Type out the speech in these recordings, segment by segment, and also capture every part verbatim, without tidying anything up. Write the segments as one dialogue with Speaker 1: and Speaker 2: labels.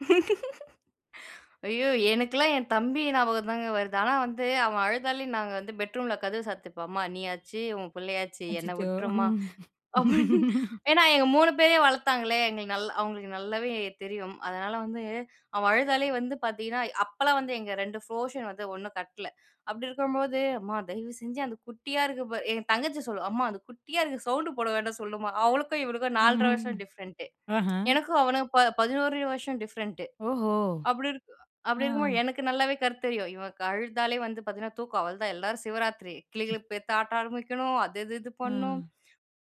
Speaker 1: ஐயோ! எனக்கெல்லாம் என் தம்பி ஞாபகம் தாங்க வருது. ஆனா வந்து, அவன் அழுதாலே நாங்க வந்து பெட்ரூமில கதவு சாத்துப்போம். அம்மா நீயாச்சு, உன் பிள்ளையாச்சு. என்னை
Speaker 2: அச்சச்சோ!
Speaker 1: வுட்டுருமா அப்டின்னு, ஏன்னா, எங்க மூணு பேரையும் வளர்த்தாங்களே, எங்களுக்கு நல்லா அவங்களுக்கு நல்லாவே தெரியும். அதனால வந்து அவன் அழுதாலே வந்து பார்த்தீங்கன்னா, அப்போலாம் வந்து எங்க ரெண்டு ஃப்ரோஷன் வந்து ஒண்ணும் கட்டல. அப்டி இருக்கும்போழுது, அம்மா தயவு செஞ்சு அந்த குட்டியா இருக்கு பார் என் தங்கச்சி சொல்லும், "அம்மா அந்த குட்டியா இருக்கு, சவுண்ட் போட வேண்டான்னு சொல்லுமா. அவளுக்கும் இவளுக்கும் நால்ர வருஷம்
Speaker 2: ஆஹா.
Speaker 1: எனக்கும் அவனும் ப பதினொறு வருஷம் டிஃப்ரெண்டு
Speaker 2: ஓஹோ!
Speaker 1: அப்டி அப்டி இருக்கும் போது,
Speaker 2: அ.
Speaker 1: எனக்கு நல்லாவே கருத்து தெரியும். இவன் அழுதாலே வந்து பாத்தீங்கனா, தூக்கம் அவ்வளோதான். எல்லாரும் சிவராத்திரி கிழு
Speaker 2: ம்.
Speaker 1: கிழுப்பு எடுத்து ஆட்ட ஆரம்பிக்கணும், அது இது இது பண்ணனும்.
Speaker 2: அ.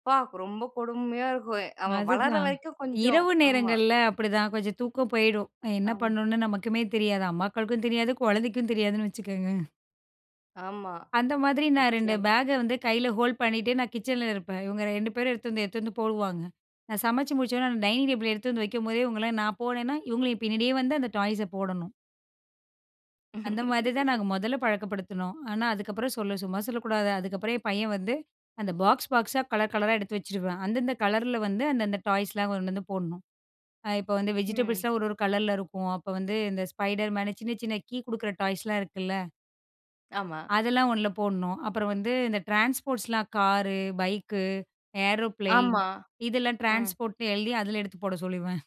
Speaker 1: அப்பா! ரொம்ப கொடுமையா இருக்கும், அவன் வளர்
Speaker 2: அதுதான்,
Speaker 1: வரைக்கும் கொஞ்சம்,
Speaker 2: இரவு
Speaker 1: ஆமா.
Speaker 2: நேரங்கள்ல அப்டிதான், கொஞ்சம் தூக்கம் போயிடும். என்ன
Speaker 1: அம்.
Speaker 2: பண்ணணும்னு நமக்குமே தெரியாது, அம்மாக்களுக்கும் தெரியாது, கொழந்தைக்கும் தெரியாதுன்னு வச்சுக்கோங்க.
Speaker 1: ஆமா,
Speaker 2: அந்த மாதிரி நான் ரெண்டு
Speaker 1: நிச்சியம்.
Speaker 2: பேக வந்து கையில ஹோல்ட் பண்ணிட்டு, நான் கிச்சன்ல இருப்பேன். இவங்க ரெண்டு பேரும் எடுத்து வந்து எடுத்து வந்து போடுவாங்க. நான் சமைச்சி முடிச்சவுடனே அந்த டைனிங் டேபிள் எடுத்துட்டு வந்து வைக்கும்போதே, இவங்கள நான் போனேன்னா, இவங்களையும் பின்னாடியே வந்து அந்த டாய்ஸை போடணும். அந்த மாதிரி தான் நாங்க மொதல்ல பழக்கப்படுத்துனோம். ஆனா, அதுக்கப்புறம் சொல்ல சும்மா சொல்லக்கூடாது. அதுக்கப்புறம் என் பையன் வந்து அந்த பாக்ஸ் பாக்ஸா கலர் கலரா எடுத்து வச்சுருவான். அந்தந்த கலர்ல வந்து, அந்த அந்த டாய்ஸ்லாம் கொண்டு வந்து போடணும். அ இப்போ வந்து
Speaker 1: ம்.
Speaker 2: வெஜிடபிள்ஸ்லாம் ஒரு ஒரு கலர்ல இருக்கும். அப்ப வந்து இந்த spiderman, சின்ன சின்ன கீ குடுக்குற டாய்ஸ்லாம் இருக்குல்ல
Speaker 1: ஆமா.
Speaker 2: அதெல்லாம் ஒண்ணுல போடணும். அப்புறம் வந்து இந்த ட்ரான்ஸ்போர்ட்ஸ்லாம் காரு, பைக்கு, ஏரோப்ளேன்
Speaker 1: ஆமா.
Speaker 2: இதெல்லாம்
Speaker 1: ம்.
Speaker 2: ட்ரான்ஸ்போர்ட்ன்னு எழுதி அதில எடுத்து போட சொல்லிருவேன்.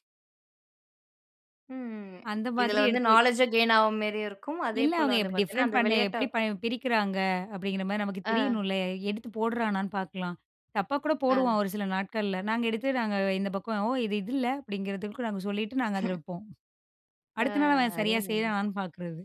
Speaker 1: ம். ம். ம்.
Speaker 2: அந்த மாதிரி
Speaker 1: இதில வந்து
Speaker 2: எடுத்து
Speaker 1: நாலெட்ஜ் கெயின் ஆவ மாரியும் இருக்கும், அதே
Speaker 2: இல்ல,
Speaker 1: போல வந்து
Speaker 2: அவங்க
Speaker 1: பார்த்தீங்கன்னா
Speaker 2: டிஃப்ரெண்ட்
Speaker 1: அந்த
Speaker 2: பண்ண,
Speaker 1: விளையாட்டா
Speaker 2: எப்டி ப பிரிக்கிறாங்க? அப்டிங்கிற மாரி நமக்கு
Speaker 1: ஆ.
Speaker 2: தெரியணும்ல. எடுத்து போடுறானான்னு பார்க்கலாம், தப்பா கூட
Speaker 1: ஆ.
Speaker 2: போடுவான் ஒரு சில நாட்கள்ல. நாங்க எடுத்து, நாங்க இந்த பக்கம், "ஓ! இது இது இல்ல" அப்டிங்கிறதுக்கு நாங்க சொல்லிட்டு நாங்க அதில வைப்போம்.
Speaker 1: ஆ,
Speaker 2: அடுத்த நாள் அவன் சரியா
Speaker 1: அருமைங்க!
Speaker 2: செய்றானான்னு பார்க்குறது.